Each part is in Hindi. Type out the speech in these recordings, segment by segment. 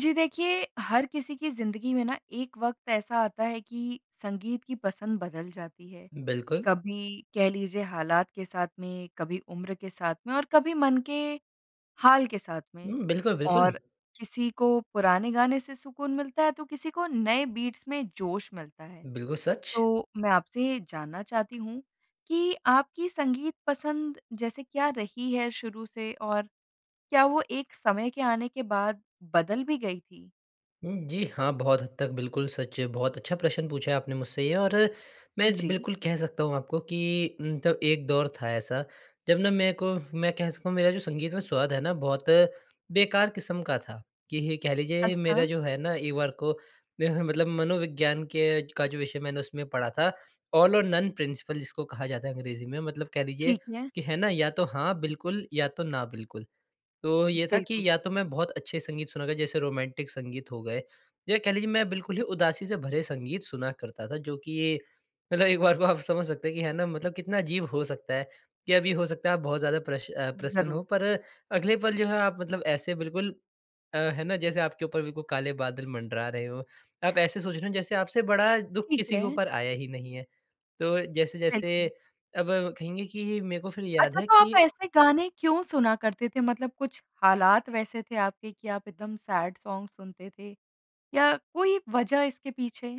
जी देखिए हर किसी की ज़िंदगी में ना एक वक़्त ऐसा आता है कि संगीत की पसंद बदल जाती है। बिल्कुल। कभी कह लीजिए हालात के साथ में, कभी उम्र के साथ में और कभी मन के हाल के साथ में। हुँ, बिल्कुल, बिल्कुल। और किसी को पुराने गाने से सुकून मिलता है तो किसी को नए बीट्स में जोश मिलता है। बिल्कुल सच। तो मैं आपसे ये जानना चाहती हूँ कि आपकी संगीत पसंद जैसे क्या रही है शुरू से? और क्या वो एक समय के आने के बाद बदल भी गई थी? हुँ, जी हाँ, बहुत हद तक बिल्कुल सच है। बहुत अच्छा प्रश्न पूछा आपने मुझसे ये। और मैं एक जी। बिल्कुल कह सकता हूँ आपको कि उम, तब एक दौर था ऐसा, जब ना मेरे को, मैं कह सकता हूँ मेरा जो संगीत में स्वाद है ना बहुत बेकार किस्म का था। कि ही ये कह लीजिए मेरा अच्छा। जो है ना एक बार को मेरा मतलब मनोविज्ञान के का जो विषय मैंने उसमें पढ़ा था ऑल और नन प्रिंसिपल जिसको कहा जाता है अंग्रेज़ी में। मतलब कह लीजिए ठीक है। कि है ना या तो हाँ बिल्कुल या तो ना बिल्कुल। तो ये था कि बिल्कुल। या तो मैं बहुत अच्छे संगीत सुनूँगा जैसे रोमांटिक संगीत हो गए। या कह लीजिए मैं बिल्कुल ही जी। उदासी से भरे संगीत सुना करता था। जो कि ये मतलब एक बार को आप समझ सकते हैं कि है ना, मतलब कितना अजीब हो सकता है कि अभी हो सकता है आप बहुत ज़्यादा प्रश अ, प्रसन्न ज़रूर। हो पर अगले पल जो है आप मतलब ऐसे बिल्कुल अ, है ना, जैसे आपके ऊपर भी कोई काले बादल मंडरा रहे हों। आप ऐसे सोच रहे हैं जैसे आपसे बड़ा दुःख ठीक किसी के है। ऊपर आया ही नहीं है। तो जैसे-जैसे बिल्कुल। अब कहेंगे कि मेरे को फिर याद अच्छा है तो आप कि ऐसे गाने क्यों सुना करते थे? मतलब कुछ हालात वैसे थे आपके कि आप एकदम सैड सॉन्ग सुनते थे? या कोई वज़ह इसके पीछे?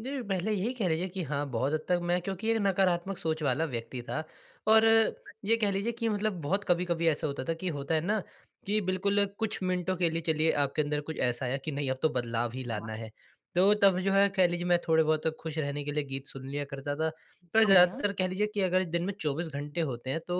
दिल पहले यही कह लीजिए कि हाँ, बहुत हद तक मैं क्योंकि एक नकारात्मक सोच वाला व्यक्ति था। और [unintelligible] ये कह लीजिए कि मतलब बहुत कभी-कभी ऐसा होता था कि होता है ना, कि बिल्कुल कुछ मिनटों के लिए चलिए आपके अंदर कुछ ऐसा है कि नहीं अब तो बदलाव ही हाँ। लाना है। तो तब जो है कह लीजिए मैं थोड़े-बहुत खुश रहने के लिए गीत सुन लिया करता था। पर बढ़िया। ज़्यादातर कह लीजिए कि अगर दिन में 24 घंटे होते हैं तो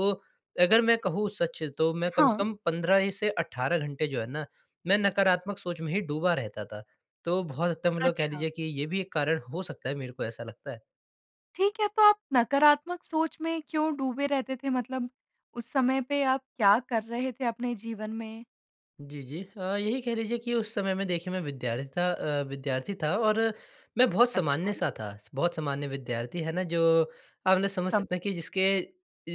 अगर मैं कहूँ सच तो मैं कम से हाँ। कम 15 इ से 18 घंटे जो है ना मैं नकारात्मक सोच में ही डूबा रहता था। तो बहुत हद तक मतलब कह अच्छा। लीजिए कि ये भी एक कारण हो सकता है। मेरे को ऐसा लगता है। ठीक है तो आप नकारात्मक सोच में क्यों डूबे रहते थे? मतलब उस समय पे आप क्या कर रहे थे अपने जीवन में? जी, जी। हाँ, यही कह लीजिए कि उस समय में देखिए मैं विद्यार्थी था अ, विद्यार्थी था और मैं बहुत अच्छा। सामान्य-सा था। स बहुत सामान्य विद्यार्थी, है ना, जो आप ना समझ सकते हैं कि समझी। जिसके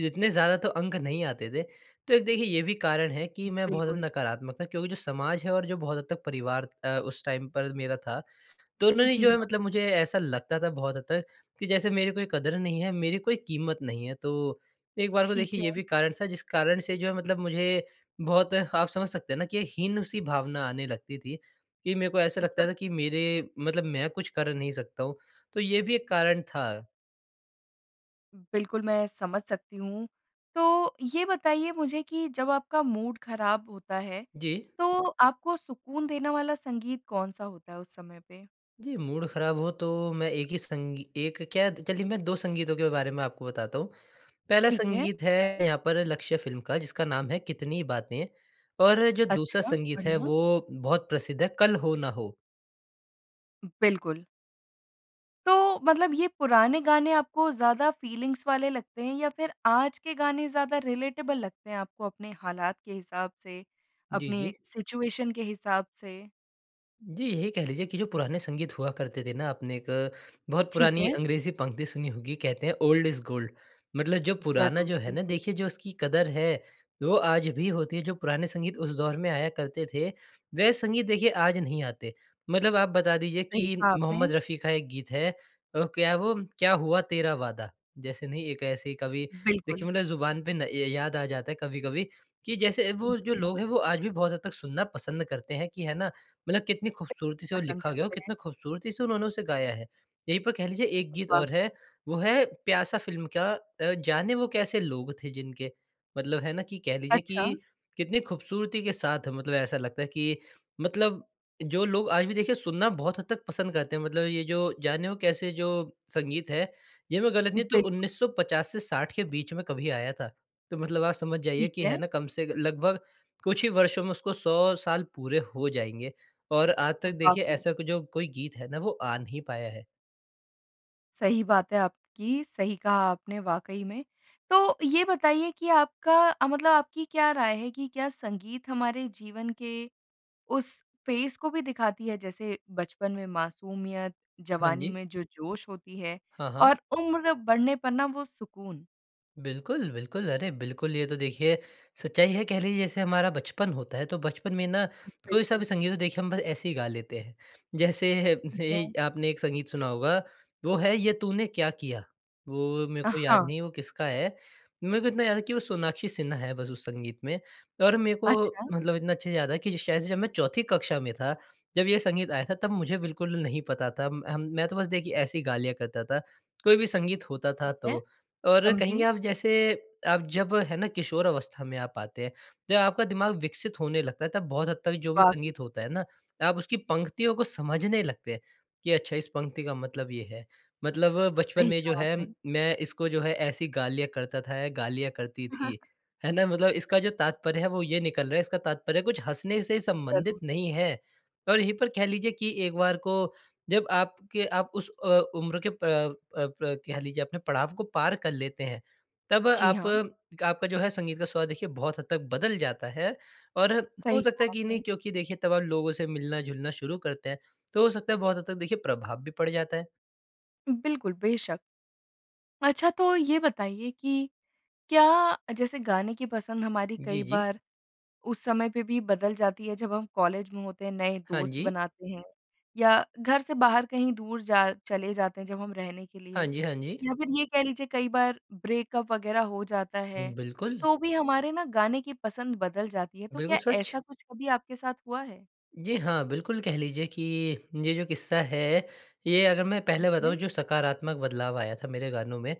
इतने ज़्यादा तो अंक नहीं आते थे। तो एक देखिए ये भी कारण है कि मैं बहुत बिल्कुल। ज़्यादा नकारात्मक था। क्योंकि जो समाज है और जो बहुत हद तक परिवार अ, उस टाइम पर मेरा था, तो उन्होंने जी, जो है हाँ। मतलब मुझे ऐसा लगता था बहुत हद तक कि जैसे मेरे कोई क़द्र नहीं है, मेरी कोई कीमत नहीं है। तो एक बार को ठीक देखिए ये है। भी कारण था जिस कारण से जो है मतलब मुझे बहुत आप समझ सकते हैं ना, कि हीन-सी भावना आने लगती थी। कि मेरे को ऐसा ज़रूर। लगता था कि मेरे मतलब मैं कुछ कर नहीं सकता हूँ। तो ये भी एक कारण था। बिल्कुल मैं समझ सकती हूँ। तो ये बताइए मुझे कि जब आपका मूड ख़राब होता है जी। तो आपको सुकून देने वाला संगीत कौन-सा होता है उस समय पे? जी, मूड ख़राब हुआ तो मैं एक ही संगी एक क्या कह लीजिए मैं 2 संगीतों के बारे में आपको बताता हूँ। पहला ठीक है। संगीत बताएँ। है यहाँ पर लक्ष्य फ़िल्म का जिसका नाम है कितनी बातें। और जो दूसरा अच्छा, संगीत है बढ़िया। वो बहुत प्रसिद्ध है, कल हो ना हो। बिल्कुल। तो मतलब ये पुराने गाने आपको ज़्यादा फ़ीलिंग्स वाले लगते हैं? या फिर आज के गाने ज़्यादा रिलेटेबल लगते हैं आपको अपने हालात के हिसाब से? जी, अपने जी। सिचुएशन के हिसाब से? जी, यही कह लीजिए कि जो पुराने संगीत हुआ करते थे ना आपने एक, बहुत ठीक पुरानी है। अंग्रेज़ी पंक्ति सुनी होगी, कहते हैं ओल्ड इज़ गोल्ड। मतलब जो पुराना ज़रूर। जो है ना बिल्कुल। देखिए जो उसकी क़द्र है, वो आज भी होती है। जो पुराने संगीत उस दौर में आया करते थे, वह संगीत देखिए आज नहीं आते। मतलब आप बता दीजिए सही कि कहा मोहम्मद आपने। रफ़ी का एक गीत है ओह क्या वो क्या हुआ तेरा वादा। जैसे नहीं एक ऐसे ही कवि बिल्कुल। देखिए मतलब ज़ुबान पे ना य याद आ जाता है कभी-कभी कि जैसे वो जो जी, हाँ। लोग हैं वो आज भी बहुत हद तक सुनना पसंद करते हैं कि है ना, मतलब कितनी खूबसूरती से वो पसंद लिखा गया हो, करते कितना हैं। खूबसूरती से उन्होंने उसे गाया है। यहीं पर कह लीजिए एक गीत वाक़ और है वो है प्यासा फ़िल्म का, अ जाने वो कैसे लोग थे जिनके, मतलब है ना कि कह लीजिए अच्छा। कि कितनी खूबसूरती के साथ मतलब ऐसा लगता है कि मतलब जो लोग आज भी देखिए सुनना बहुत हद तक पसंद करते हैं। मतलब ये जो, जाने वो कैसे जो संगीत है ये मैं गलत नहीं हूँ तो बिल्कुल। 1950 से 60 के बीच में कभी आया था। तो मतलब आप समझ जाइए ठीक कि है है। ना कम से लगभग कुछ ही वर्षों में उसको 100 साल पूरे हो जाएँगे और आज तक देखिए वाक़ई। ऐसा कुछ जो कोई गीत है ना वो आ नहीं पाया है। सही बात है आप की। सही कहा आपने वाक़ई में। तो ये बताइए कि आपका अ, मतलब आपकी क्या राय है कि क्या संगीत हमारे जीवन के उस पेस को भी दिखाती है, जैसे बचपन में मासूमियत, हाँ जवानी जी। में जो जोश होती है हाँ, हाँ। और उम्र बढ़ने पर ना वो सुकून? बिल्कुल, बिल्कुल। अरे बिल्कुल। ये तो देखिए सच्चाई है कह लीजिए जैसे हमारा बचपन होता है तो बचपन में ना कोई-सा बिल्कुल। भी संगीत देखिए हम बस ऐसे ही गा लेते हैं। जैसे ठीक ए है। आपने एक संगीत सुना होगा वो है ये तूने क्या किया। वो मेरे अ, को याद हाँ। नहीं है वो किसका है, मेरे को इतना याद है कि वो सोनाक्षी सिन्हा है बस उस संगीत में। और मेरे को अच्छा। मतलब इतना अच्छा याद है कि शायद से जब मैं चौथी कक्षा में था जब ये संगीत आया था तब मुझे बिल्कुल नहीं पता था। म हम मैं तो बस देखिए ऐसी गा लिया करता था, कोई भी संगीत होता था ठीक है। तो। और कहेंगे समझी। आप जैसे आप जब है ना किशोर अवस्था में आप आते हैं, जब आपका दिमाग विकसित होने लगता था बहुत हद तक जो भी वाक़ई। संगीत होता है ना आप उसकी पंक्तियों को समझने लगते हैं, कि अच्छा इस पंक्ति का मतलब ये है। मतलब बचपन सही में जो कहा है आपने। मैं इसको जो है ऐसी गा लिया करता था, या गा लिया करती अ, हाँ। थी, है ना। मतलब इसका जो तात्पर्य है वो ये निकल रहा है, इसका तात्पर्य कुछ हँसने से संबंधित ज़रूर। नहीं है। और यहीं पर कह लीजिए कि एक बार को जब आपके आप उस अ, उम्र के प अ, प्र कह लीजिए आपने पड़ाव को पार कर लेते हैं, तब जी आप हाँ। एक आपका जो है संगीत का स्वाद देखिए बहुत हद तक बदल जाता है और हो सही सकता है कहा कि नहीं आपने। क्योंकि देखिए तब लोगों से मिलना-जुलना शुरू करते हैं। तो हो सकता है बहुत हद तक देखिए प्रभाव भी पड़ जाता है। बिल्कुल, बेशक़। अच्छा तो ये बताइए कि क्या अ, जैसे गाने की पसंद हमारी जी, कई जी। बार उस समय पे भी बदल जाती है जब हम कॉलेज में होते हैं, नए हाँ दोस्त जी। बनाते हैं या घर से बाहर कहीं दूर जा चले जाते हैं जब हम रहने के हाँ लिए। जी। हाँ जी। या फिर ये कह लीजिए कई बार ब्रेकअप वग़ैरह हो जाता है बिल्कुल। तो भी हमारे ना गाने की पसंद बदल जाती है। तो बिल्कुल क्या सच। ऐसा कुछ कभी आपके साथ हुआ है? जी, हाँ। बिल्कुल कह लीजिए कि ये जो किस्सा है ये अगर मैं पहले ठीक बताऊँ है। जो सकारात्मक बदलाव आया था मेरे गानों में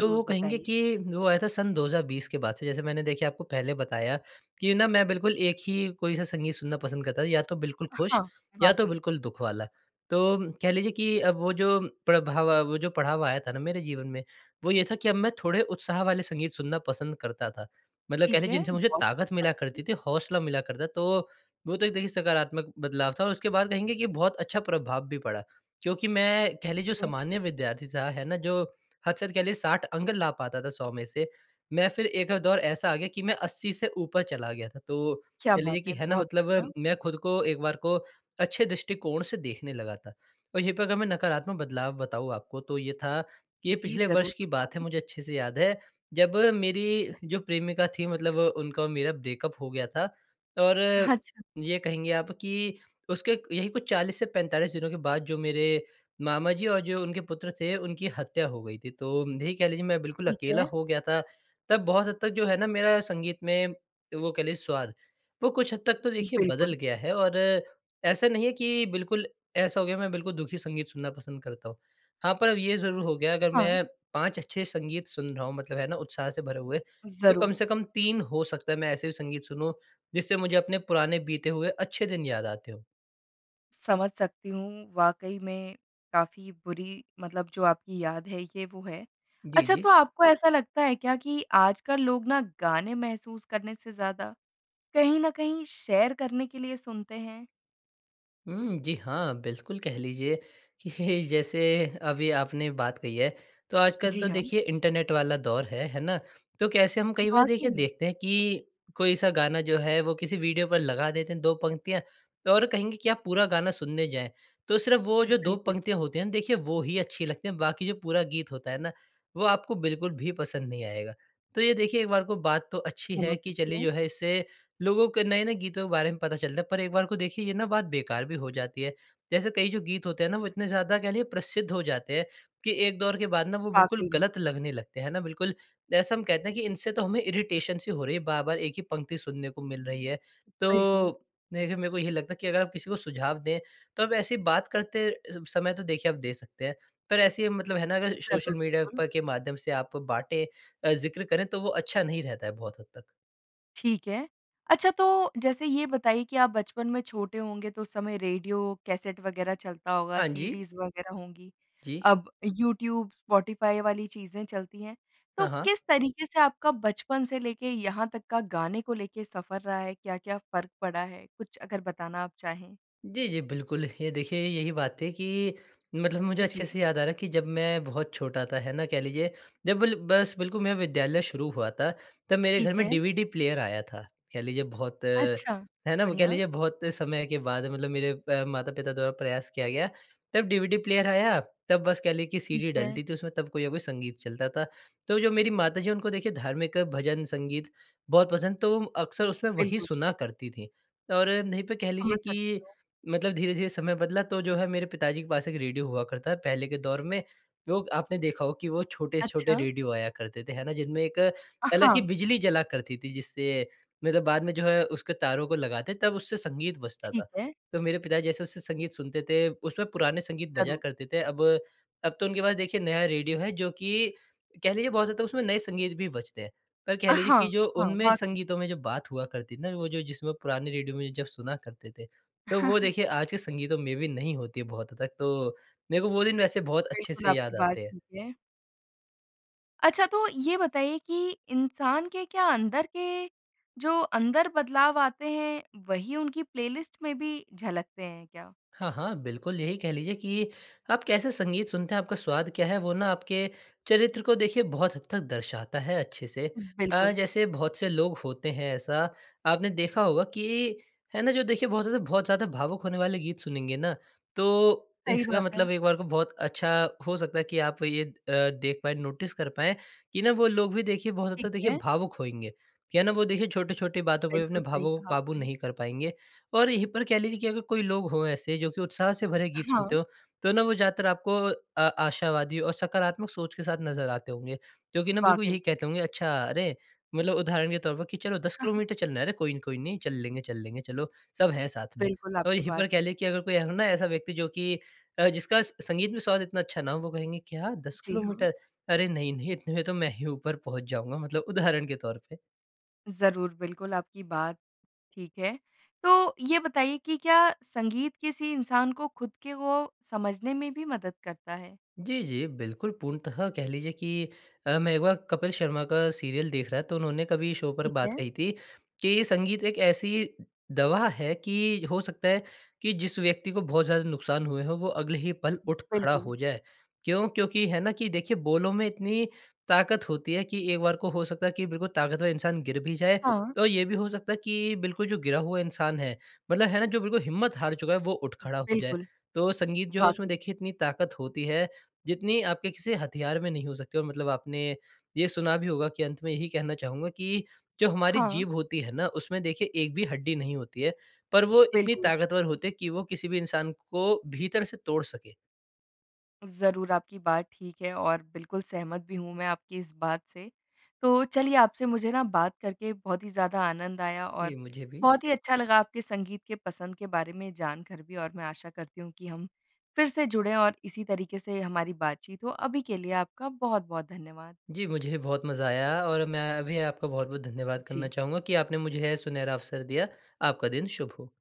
तो वो कहेंगे बताइए। कि वो आया था सन 2020 के बाद से। जैसे मैंने देखिए आपको पहले बताया कि ना मैं बिल्कुल एक ही कोई-सा संगीत सुनना पसंद करता, या तो बिल्कुल अ, खुश, हाँ। या तो वाक़ई। बिल्कुल दुःख वाला। तो कह लीजिए कि अब वो जो प्रभाव, वो जो पड़ाव आया था ना मेरे जीवन में, वो ये था कि अब मैं थोड़े उत्साह वाले संगीत सुनना पसंद करता था। मतलब कह ठीक लें है। जिनसे मुझे बहुत ताकत अच्छी मिला बात है। करती थी, हौसला मिला करता। तो वो तो एक देखिए सकारात्मक बदलाव था। और उसके बाद कहेंगे कि बहुत अच्छा प्रभाव भी पड़ा। क्योंकि मैं कह लें जो हुँ। सामान्य विद्यार्थी था, है ना, जो हद से हद कह लीजिए 60 अंक ला पाता था 100 में से। मैं फिर एक अ, दौर ऐसा आ गया कि मैं 80 से ऊपर चला गया था। तो क्या कह बात लीजिए कि है! है ना बहुत बढ़िया। मतलब, मैं खुद को एक बार को अच्छे दृष्टिकोण से देखने लगा था। और यहीं पे अगर मैं नकारात्मक बदलाव बताऊँ आपको, तो ये था कि ये जी पिछले वर्ष ज़रूर, की बात है बताएँ। मुझे अच्छे से याद है। जब मेरी जो प्रेमिका थी मतलब वो उनका और मेरा ब्रेकअप हो गया था। और अच्छा। ये कहेंगे आप कि उसके क यहीं कुछ 40 से 45 दिनों के बाद जो मेरे मामा जी और जो उनके पुत्र थे उनकी हत्या हो गई थी। तो यही कह लीजिए मैं बिल्कुल ठीक अकेला है। हो गया था। तब बहुत हद तक जो है ना मेरा संगीत में वो कह लें स्वाद, वो कुछ हद तक तो देखिए बदल बिल्कुल। गया है। और ऐसा नहीं है कि बिल्कुल ऐसा हो गया मैं बिल्कुल दुखी संगीत सुनना पसंद करता हूँ। हाँ, पर अब ये ज़रूर हो गया है अगर हाँ। मैं 5 अच्छे संगीत सुन रहा हूँ मतलब है ना, उत्साह से भरे हुए तो कम ज़रूर। से कम 3 हो सकता है मैं ऐसे भी संगीत सुनूँ जिससे मुझे अपने पुराने बीते हुए अच्छे दिन याद आते हों। समझ सकती हूँ। वाक़ई में काफ़ी बुरी मतलब जो आपकी याद है ये वो है। जी, अच्छा जी। तो आपको ऐसा लगता है क्या कि आजकल लोग ना गाने महसूस करने से ज़्यादा कहीं न कहीं शेयर करने के लिए सुनते हैं? हुँ। जी, हाँ। बिल्कुल, कह लीजिए कि जैसे अभी आपने एक बात कही है तो आजकल जी तो हाँ। देखिए इंटरनेट वाला दौर है, है ना। तो कैसे हम कई बार वाक़ई देखिए में। देखते हैं कि कोई सा गाना जो है वो किसी वीडियो पर लगा देते हैं 2 पंक्तियाँ और कहेंगे कि आप पूरा गाना सुनने जाएँ, तो सिर्फ़ वो जो दो बिल्कुल। पंक्तियाँ होते हैं ना, देखिए वो ही अच्छी लगती हैं। बाकी जो पूरा गीत होता है ना वो आपको बिल्कुल भी पसंद नहीं आएगा। तो ये देखिए एक बार को बात तो अच्छी है समझ कि सकती चलिए जो हूँ। है इससे लोगों के नए-नए गीतों के बारे में पता चलता है। पर एक बार को देखिए ये ना बात बेकार भी हो जाती है। जैसे कई जो गीत होते हैं ना वो इतने ज़्यादा कह लीजिए प्रसिद्ध हो जाते हैं कि एक दौर के बाद ना वो बिल्कुल वाक़ई में। गलत लगने लगते हैं ना, बिल्कुल जैसा हम कहते हैं कि इनसे तो हमें इरिटेशन सी हो रही है, बार-बार एक ही पंक्ति सुनने को मिल रही है। बिल्कुल। तो देखिए मेरे को यही लगता कि अगर आप किसी को सुझाव दें तब ऐसी बात करते समय तो देखिए आप दे सकते हैं। पर ऐसे मतलब है ना अगर सोशल ज़रूर, मीडिया बिल्कुल। पर के माध्यम से आप बाँटें अ, ज़िक्र करें तो वो अच्छा नहीं रहता है बहुत हद तक। ठीक है। अच्छा तो जैसे ये बताइए कि आप बचपन में छोटे होंगे तो उस समय रेडियो, कैसेट वग़ैरह चलता होगा हाँ जी। सीडीज़ वग़ैरह होंगी। जी। अब यूट्यूब, स्पॉटिफ़ाई वाली चीज़ें चलती हैं। तो हाँ, हाँ। किस तरीके से आपका बचपन से लेके यहाँ तक का गाने को लेके सफ़र रहा है? क्या-क्या फ़र्क पड़ा है? कुछ अगर बताना आप चाहें। जी, जी, बिल्कुल। ये देखिए यही बात थी कि मतलब मुझे अच्छे जी। से याद आ रहा है कि जब मैं बहुत छोटा था है ना कह लीजिए जब ल बस बिल्कुल मेरा विद्यालय शुरू हुआ था तब मेरे घर ठीक में है। डीवीडी प्लेयर आया था। कह लीजिए बहुत, अच्छा। है ना, वो कह बढ़िया। लीजिए बहुत समय के बाद मतलब मेरे अ, माता-पिता द्वारा प्रयास किया गया, तब डीवीडी प्लेयर आया, तब बस कह लें कि ठीक सीडी है। डलती थी, उसमें तब कोई ना कोई संगीत चलता था। तो जो मेरी माता जी उनको देखिए धार्मिक भजन संगीत बहुत पसंद, तो अक्सर उसमें वही बिल्कुल। सुना करती थी। और नहीं पे कह लीजिए समझ सकती कि हूँ। मतलब धीरे-धीरे समय बदला तो जो है मेरे पिता जी के पास एक रेडियो हुआ करता है, पहले के दौर में लोग आपने देखा हो कि वो छोटे-छोटे अच्छा। रेडियो आया करते थे, है ना। जिनमें एक अ, अलग ही हाँ। बिजली जला करती थी जिससे मेरा बाद में जो है उसके तारों को लगाते तब उससे संगीत बजता था। ठीक है। तो मेरे पिता जैसे उससे संगीत सुनते थे, उसमें पुराने संगीत बजा ज़रूर। करते थे। अब, अब तो उनके पास देखिए नया रेडियो है जो कि कह लीजिए बहुत ज़्यादा उसमें नए संगीत भी बजते हैं। पर कह अ, लीजिए हाँ। कि जो हाँ उनमें वाक़ई। संगीतों में जो बात हुआ करती थी ना वो जो जिसमें पुराने रेडियो में जब सुना करते थे, तो वो देखिए आज के संगीतों में भी नहीं होती है बहुत हद तक। तो मेरे को वो दिन वैसे बहुत अच्छे बिल्कुल, से याद आपकी बात आते हैं। ठीक है। अच्छा तो ये बताइए कि इंसान के क्या अंदर के जो अंदर बदलाव आते हैं, वही उनकी प्लेलिस्ट में भी झलकते हैं क्या? हाँ, हाँ, बिल्कुल। यही कह लीजिए कि आप कैसे संगीत सुनते हैं आपका स्वाद क्या है वो ना आपके चरित्र को देखिए बहुत हद तक दर्शाता है अच्छे से। अ, बिल्कुल। जैसे बहुत से लोग होते हैं ऐसा आपने देखा होगा कि है ना जो देखिए बहुत ज़्यादा, बहुत ज़्यादा भावुक होने वाले गीत सुनेंगे ना। तो सही इसका बात है। मतलब एक बार को बहुत अच्छा हो सकता है कि आप ये अ, देख पाएँ नोटिस कर पाएँ कि ना वो लोग भी देखिए बहुत हद तक ठीक देखिए है। भावुक होएँगे। क्या है ना वो देखिए छोटी-छोटी बातों पे अपने बिल्कुल सही भावों को कहा क़ाबू आपने। नहीं कर पाएँगे। और यहीं पर कह लीजिए कि अगर कोई लोग हो ऐसे जो कि उत्साह से भरे गीत सुनते हाँ। हो तो ना वो ज़्यादातर आपको अ, आशावादी और सकारात्मक सोच के साथ नज़र आते होंगे। जो कि ना बिल्कुल वाक़ई। यही कहते होंगे अच्छा अरे, मतलब उदाहरण के तौर पर कि चलो दस किलोमीटर चलना है ना? अरे कोई नहीं, कोई नहीं। चल लेंगे, चल लेंगे, चलो सब हैं साथ में। बिल्कुल, और आपकी यही बात पर कह ठीक लें कि है। अगर कोई हो ना ऐसा व्यक्ति जो कि अ, जिसका स संगीत में स्वाद इतना अच्छा ना हो वो कहेंगे, "क्या? दस जी हाँ। किलोमीटर, अरे नहीं-नहीं। इतने में तो मैं ही ऊपर पहुँच जाऊँगा।" मतलब उदाहरण के तोर पे। ज़रूर। बिल्कुल, आपकी बात ठीक है। तो ये बताइए कि क्या संगीत किसी इंसान को खुद के वो समझने में भी मदद करता है? जी, जी, बिल्कुल पूर्णतः कह लीजिए कि अ, मैं एक बार कपिल शर्मा का सीरियल देख रहा तो उन्होंने कभी शो पर ठीक बात है। कही थी कि संगीत एक ऐसी दवा है कि हो सकता है कि जिस व्यक्ति को बहुत ज़्यादा नुकसान हुए हों वो अगले ही पल उठ खड़ा बिल्कुल। हो जाए। क्यों? क्योंकि है ना कि देखिए बोलों में इतनी ताकत होती है कि एक बार को हो सकता है कि बिल्कुल ताकतवर इंसान गिर भी जाए। हाँ। और ये भी हो सकता है कि बिल्कुल जो गिरा हुआ इंसान है मतलब है ना, जो बिल्कुल हिम्मत हार चुका है वो उठ खड़ा हो जाए। बिल्कुल। तो संगीत जो है उसमें वाक़ई। देखिए इतनी ताकत होती है जितनी आपके किसी हथियार में नहीं हो सकते। और मतलब आपने ये सुना भी होगा कि अंत में यही कहना चाहूँगा कि जो हमारी हाँ। जीभ होती है ना उसमें देखिए एक भी हड्डी नहीं होती है पर वो इतनी बिल्कुल। ताकतवर होती है कि वो किसी भी इंसान को भीतर से तोड़ सके। ज़रूर, आपकी बात ठीक है और बिल्कुल सहमत भी हूँ मैं आपकी इस बात से। तो चलिए आपसे मुझे ना बात करके बहुत ही ज़्यादा आनंद आया। जी, और मुझे भी। बहुत ही अच्छा लगा आपके संगीत के पसंद के बारे में जानकर भी। और मैं आशा करती हूँ कि हम फिर से जुड़े और इसी तरीके से हमारी बातचीत हो। अभी के लिए आपका बहुत-बहुत धन्यवाद। जी मुझे बहुत मज़ा आया और मैं भी आपका बहुत-बहुत धन्यवाद करना जी। चाहूँगा कि आपने मुझे यह सुनहरा अवसर दिया। आपका दिन शुभ हो।